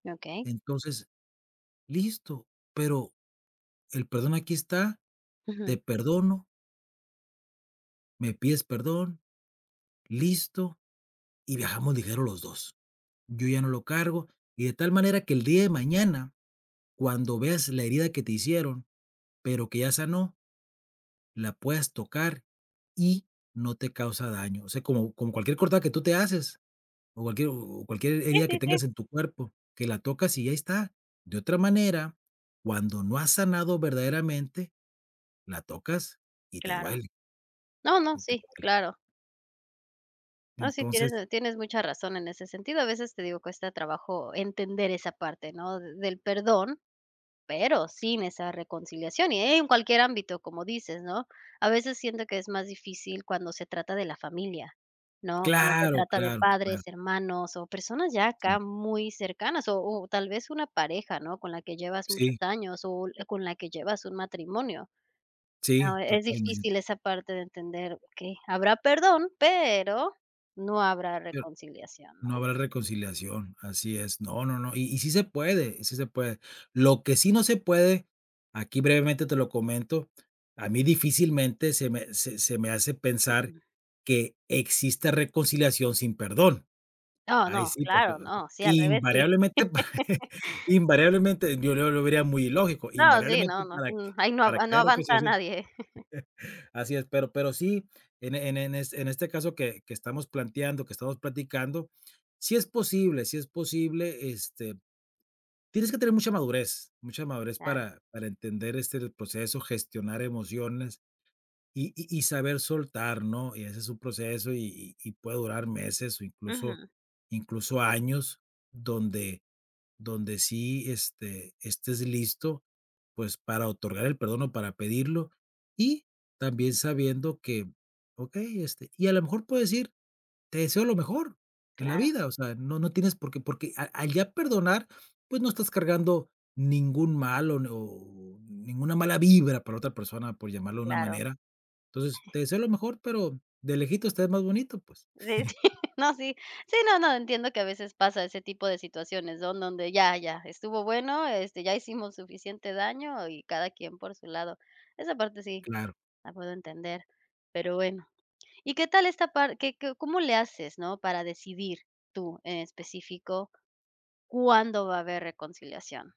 Okey. Entonces, listo, pero, el perdón aquí está, te Ujú. perdono me pides perdón, listo, y viajamos ligero los 2. Yo ya no lo cargo, y de tal manera que el día de mañana, cuando veas la herida que te hicieron, pero que ya sanó la puedas tocar y no te causa daño, o sea, como con cualquier cortado que tú te haces, o cualquier o cualquier Sí, herida que sí, sí. tengas en tu cuerpo, que la tocas y ahí está. De otra manera, cuando no has sanado verdaderamente, la tocas y te Claro. duele. Y te duele. No, no, Y te sí, duele. claro. No, sí, Entonces tienes tienes mucha razón en ese sentido, a veces te digo: "Cuesta trabajo entender esa parte, ¿no?, del perdón, pero sin esa reconciliación, y en cualquier ámbito, como dices, ¿no? A veces siento que es más difícil cuando se trata de la familia, ¿no? Cuando se Claro, trata de claro, padres, claro. hermanos o personas ya acá Sí. muy cercanas o o tal vez una pareja, ¿no?, con la que llevas muchos Sí. años o l con la que llevas un matrimonio. Sí, Ah, es totalmente. difícil esa parte de entender que, habrá perdón pero no habrá Pero, reconciliación, no ¿no? habrá reconciliación, así es. No, no, no, y y sí se puede y sí se puede. Lo que sí no se puede, aquí, brevemente, te lo comento, a mí, difícilmente, se me se se me hace pensar que exista reconciliación sin perdón. Oh Ahí no, sí, por que claro, [unintelligible] no, sí, al revés sí. invariablemente invariablemente, yo no lo vería muy ilógico, No, sí, no, invariablemente, no. para Mm, que ahí no para a que no haya avanza reconciliación. nadie. Así es, pero pero sí, en e en e en este en este caso que que estamos planteando, que estamos platicando, si es posible si es posible, este, tienes que tener mucha madurez mucha madurez Claro. para para entender, este, el proceso, gestionar emociones y y y saber soltar, ¿no? y ese es un proceso y y y puede durar meses o incluso Ujú. incluso años donde donde sí, este, estés listo, pues para otorgar el perdón o para pedirlo, y también sabiendo que, okey, este, y a lo mejor puedes ir, te deseo lo mejor en la Claro. vida, o sea, no no tienes porqué porque al al ya perdonar, pues no estás cargando ningún mal o n o ninguna mala vibra para otra persona, por llamarlo de una Claro. manera. Entonces, te deseo lo mejor, pero de lejitos te ves más bonito, pues. Sí, sí, no, si. Sí, no, no, entiendo que a veces pasa ese tipo de situaciones, ¿no? Donde ya, ya estuvo bueno, este, ya hicimos suficiente daño y cada quien por su lado. Esa parte sí, Claro. la puedo entender. Pero bueno. Y qué tal esta par ¿que que cómo le haces?, ¿no?, ¿para decidir tú, en específico cuándo va a haber reconciliación?